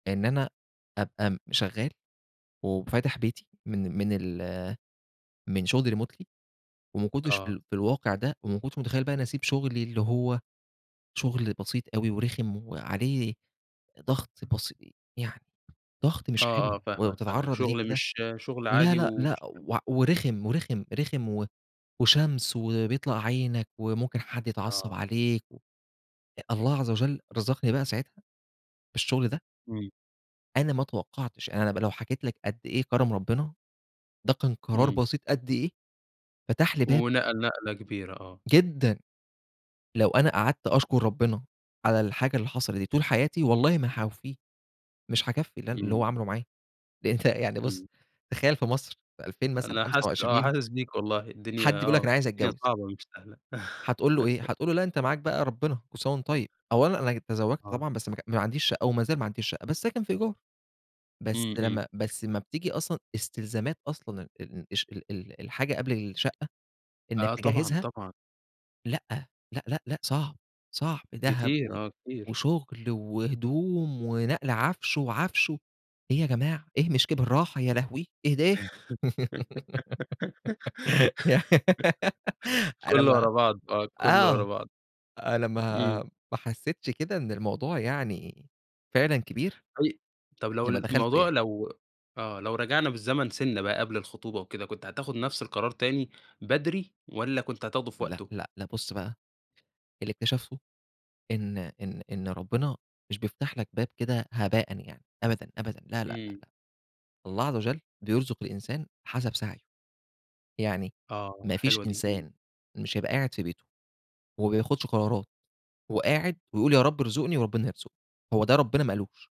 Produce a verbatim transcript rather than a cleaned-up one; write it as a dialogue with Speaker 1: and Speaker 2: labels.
Speaker 1: إن أنا أبقى م شغال وفاتح بيتي من من ال من شغل remotely وما كنتش في
Speaker 2: آه.
Speaker 1: ال في الواقع ده، وما كنتش متخيل بقى إني أسيب شغلي اللي هو شغل بسيط أوي، ورخم وعليه ضغط بسي يعني ضغط مش
Speaker 2: آه،
Speaker 1: حلو،
Speaker 2: آه
Speaker 1: ولمّا
Speaker 2: فاهمك، فاهمك
Speaker 1: بتتعرض ليه
Speaker 2: شغل
Speaker 1: كده
Speaker 2: مش شغل
Speaker 1: لا،
Speaker 2: عادي
Speaker 1: لأ، لأ،
Speaker 2: ومش حلو.
Speaker 1: وع ورخم، ورخم، رخم و وشمس وبيطلع عينك، وممكن حد يتعصب
Speaker 2: آه.
Speaker 1: عليك و الله عز وجل رزقني بقى ساعتها بالشغل ده.
Speaker 2: امم.
Speaker 1: أنا ما اتوقعتش، أنا لم لو حكيت لَك قد إيه كرم ربنا، ده كان قرار
Speaker 2: امم.
Speaker 1: بسيط قد إيه، فتح لي باب.
Speaker 2: ونقل نقلة كبيرة آه.
Speaker 1: جدًا، لو أنا قعدت أشكر ربنا على الحاجة اللي حصلت دي طول حياتي، والله ما هاوفيه. مش هاكفي اللي أنا اللي
Speaker 2: امم.
Speaker 1: هو عمله معايا. ده أنتَ يعني بُص
Speaker 2: امم.
Speaker 1: تخيَّل في مصر، في ألفين مثلًا
Speaker 2: أنا
Speaker 1: خمسة
Speaker 2: حاسس آه
Speaker 1: وعشرين
Speaker 2: حاسس بيك والله الدنيا
Speaker 1: حد بيقول لك أنا
Speaker 2: آه
Speaker 1: عايز
Speaker 2: الدنيا
Speaker 1: أتجوز.
Speaker 2: صعبة مش سهلة
Speaker 1: هتقول له إيه؟ هتقول له لأ، أنتَ معاك بقى ربنا كل سنة وأنتَ طيب. أولًا أنا ج تزوَّجت
Speaker 2: آه.
Speaker 1: طبعًا بس ماك ما عنديش شقة، ومازال ما عنديش شقة. بس ساكن في إيجار. بس
Speaker 2: امم، امم.
Speaker 1: لمّا بس أمّا بتيجي أصلًا إستلزامات أصلًا ال الش ال الحاجة قبل الشقة، إنك
Speaker 2: آه طبعًا،
Speaker 1: تجهزها.
Speaker 2: طبعًا.
Speaker 1: لأ، لأ، لأ، لأ، صعب، صعب. دهب،
Speaker 2: كتير،
Speaker 1: و
Speaker 2: آه كتير.
Speaker 1: وشغل، وهدوم ونقل عفش، وعفش و إيه يا جماعة! إيه مش ك براحة يا لهوي إيه ده؟! يعني أنا
Speaker 2: كله
Speaker 1: ما
Speaker 2: ورا بعض آه، كله ورا
Speaker 1: آه
Speaker 2: بعض.
Speaker 1: أنا ما
Speaker 2: امم.
Speaker 1: ما حسيتش كده إن الموضوع يعني فعلًا كبير.
Speaker 2: طي طب لو
Speaker 1: غير لمّا دخلته
Speaker 2: الموضوع
Speaker 1: يعني.
Speaker 2: لو آه لو رجعنا بالزمن سِنَّة بقى قبل الخطوبة وكده، كنت هتاخد نفس القرار تاني بدري والّا كنت هتاخده في
Speaker 1: لأ،
Speaker 2: وقته؟
Speaker 1: لأ، لأ، بُص بقى اللي اكتشفته إن إن إن ربنا مش بيفتح لَك باب كده هباءً يعني أبدًا، أبدًا لا، لأ،
Speaker 2: امم.
Speaker 1: لأ. الله عز وجل بيرزق الإنسان حسب سعيه. يعني
Speaker 2: آه
Speaker 1: ما فيش
Speaker 2: حلوة دي. امم.
Speaker 1: إنسان مش هيبقى قاعد في بيته، وما بياخدش قرارات، وقاعد ويقول يا رب ارزقني، وربنا هيرزقه. هو ده ربنا ما قالوش.